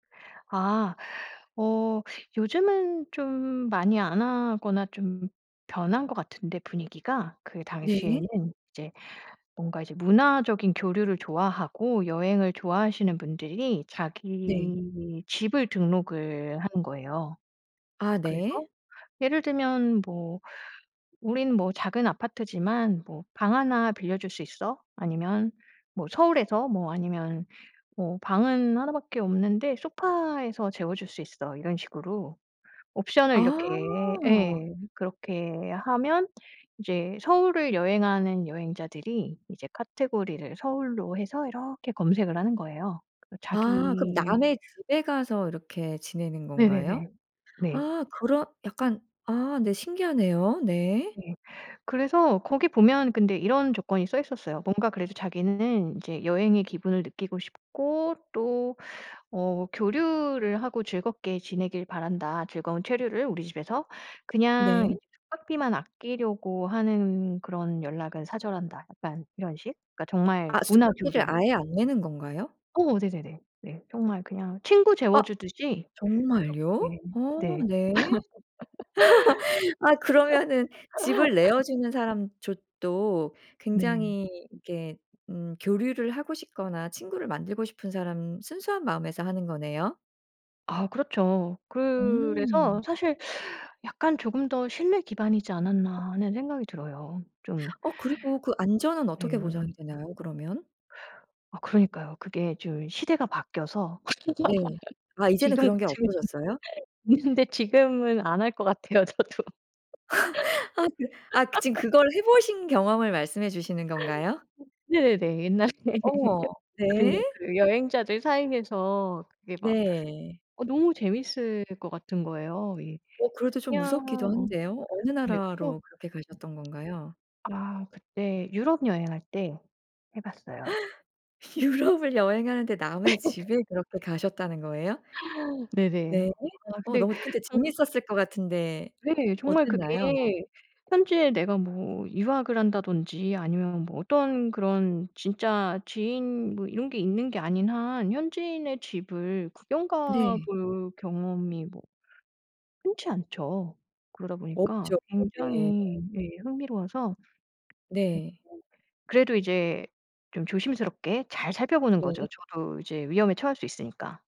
아 어 요즘은 좀 많이 안 하거나 좀 변한 것 같은데 분위기가, 그 네. 당시에는 이제 뭔가 이제 문화적인 교류를 좋아하고 여행을 좋아하시는 분들이 네. 자기 집을 등록을 하는 거예요. 아 그래서 네. 예를 들면 뭐 '우리는 뭐 작은 아파트지만 뭐 방 1 빌려줄 수 있어.' 아니면 뭐 '서울에서' 뭐 아니면 뭐 '방은 1 밖에 없는데 소파에서 재워줄 수 있어.' 이런 식으로. 옵션을 아. 이렇게 예. 그렇게 하면 이제 서울을 여행하는 여행자들이 이제 카테고리를 서울로 해서 이렇게 검색을 하는 거예요. 그리고 아 그럼 자기 남의 집에 가서 이렇게 지내는 건가요? 네네네. 네. 아 그런 약간 아 네, 신기하네요. 네. 네. 그래서 거기 보면 근데 이런 조건이 써 있었어요. 뭔가 그래도 자기는 이제 '여행의 기분을 느끼고 싶고 또 어 교류를 하고 즐겁게 지내길 바란다. 즐거운 체류를 우리 집에서. 네. 그냥 이 숙박비만 아끼려고 하는 그런 연락은 사절한다.' 약간 이런 식. 그러니까 정말 아 문화 숙박비를 교류. 아예 안 내는 건가요? 어 네네네. 네. 정말 그냥 친구 아 재워 주듯이 정말요? 그렇게 어 네. 네. 아 그러면은 집을 내어 주는 사람조 도 네. 굉장히 이렇게 음 교류를 하고 싶거나 친구를 만들고 싶은 사람 순수한 마음에서 하는 거네요? 아 그렇죠. 그래서 음. 사실 약간 '조금 더 신뢰 기반이지 않았나.' 하는 생각이 들어요 좀. 어 그리고 그 안전은 어떻게 보장이 네. 되나요? 그러면? 아 그러니까요. 그게 좀 시대가 바뀌어서 네. 아 이제는 지금 그런 지금은 게 없어졌어요? 근데 지금은 안 할 것 같아요. 저도. 아 네. 아 그 지금 그걸 해 보신 경험을 말씀해 주시는 건가요? 네네네. 옛날에 해 어. 봤거든요. 네. 그 여행자들 사이에서 그게 막 네. 어 너무 재밌을 것 같은 거예요, 예. 어 그래도 좀 그냥 무섭기도 어 한데요. 어느 네. 그리고 나라로 그렇게 가셨던 건가요? 아 그때 유럽 여행할 때 해 봤어요. 유럽을 여행하는데 남의 집에 그렇게 가셨다는 거예요? 네네. 네. 아 어 근데 너무 근데 저는 재밌었을 것 같은데 네. 정말 그게 어땠나요? 현지에 내가 뭐 유학을 한다든지 아니면 뭐 어떤 그런 진짜 지인 뭐 이런 게 있는 게 아닌 한 현지인의 집을 구경 가 네. 볼 경험이 뭐 ...흔치 않죠. 그러다 보니까 없죠. 네. 굉장히 네. 흥미로워서. 네. [unintelligible] 그래도 이제 좀 조심스럽게 잘 살펴보는 거죠, 네. 저도 이제 위험에 처할 수 있으니까.